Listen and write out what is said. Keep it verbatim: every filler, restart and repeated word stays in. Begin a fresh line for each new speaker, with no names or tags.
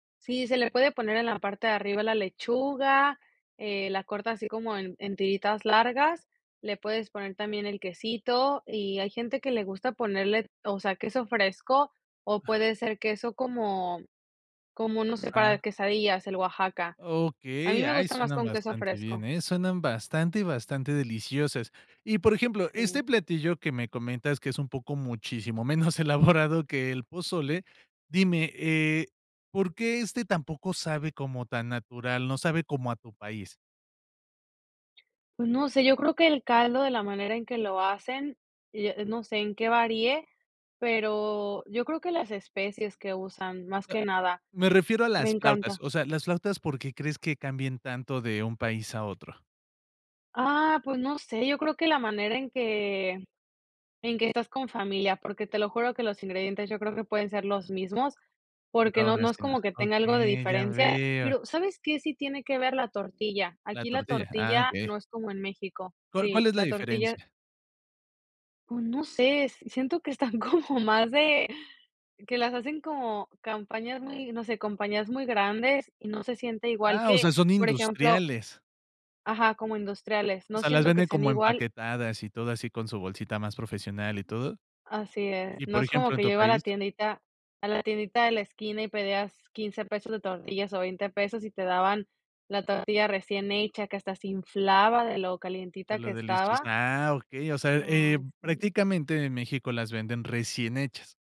Sí, se le puede poner en la parte de arriba la lechuga, eh, la corta así como en en tiritas largas, le puedes poner también el quesito y hay gente que le gusta ponerle, o sea, queso fresco o puede ser queso como como, no sé, para
Ah.
quesadillas, el Oaxaca. A mí
Okey,
me
ay,
gusta más
suenan
con queso
bastante
fresco.
bien, ¿eh? Suenan bastante, bastante deliciosas. Y, por ejemplo,
Si.
este platillo que me comentas, que es un poco muchísimo menos elaborado que el pozole, dime, eh, ¿por qué este tampoco sabe como tan natural, no sabe como a tu país?
Pues no sé, yo creo que el caldo de la manera en que lo hacen, y, eh, no sé en qué varíe, pero yo creo que las especies que usan, más
A
que nada,
Me refiero a
me
las flautas,
encanta.
o sea, las flautas, ¿por qué crees que cambien tanto de un país a otro?
Ah, pues no sé, yo creo que la manera en que en que estás con familia, porque te lo juro que los ingredientes yo creo que pueden ser los mismos, porque
No,
no
no
no es
así no.
como que tenga algo de
Okey, ya
diferencia,
veo.
pero, ¿sabes qué? Sí tiene que ver la tortilla,
La
aquí la
tortilla, ah,
tortilla
okey.
no es como en México
¿Cuál cuál
Sí,
es la
la tortilla.
diferencia?
Oh, no sé, siento que están como más d que las hacen como campañas muy, no sé, compañías muy grandes y no se siente igual
Ah, o sea,
que,
son
por ejemplo
industriales.
Ajá, como industriales,
O
no
sea, ¿las
siento que
venden
sean
como
igual.
empaquetadas y todo así, con su bolsita más profesional y todo?
Así es,
Y,
no
por
es como
ejemplo, ¿en
que
tu
yo iba a la
país?
tiendita a la tiendita de la esquina, y pedías quince pesos de tortillas o veinte pesos y te daban la tortilla recién hecha, que hasta se inflaba de lo
De
calientita que
los
estaba.
deliciasa ah, okey, o sea, eh,
Ay, sí.
prácticamente en México las venden recién hechas.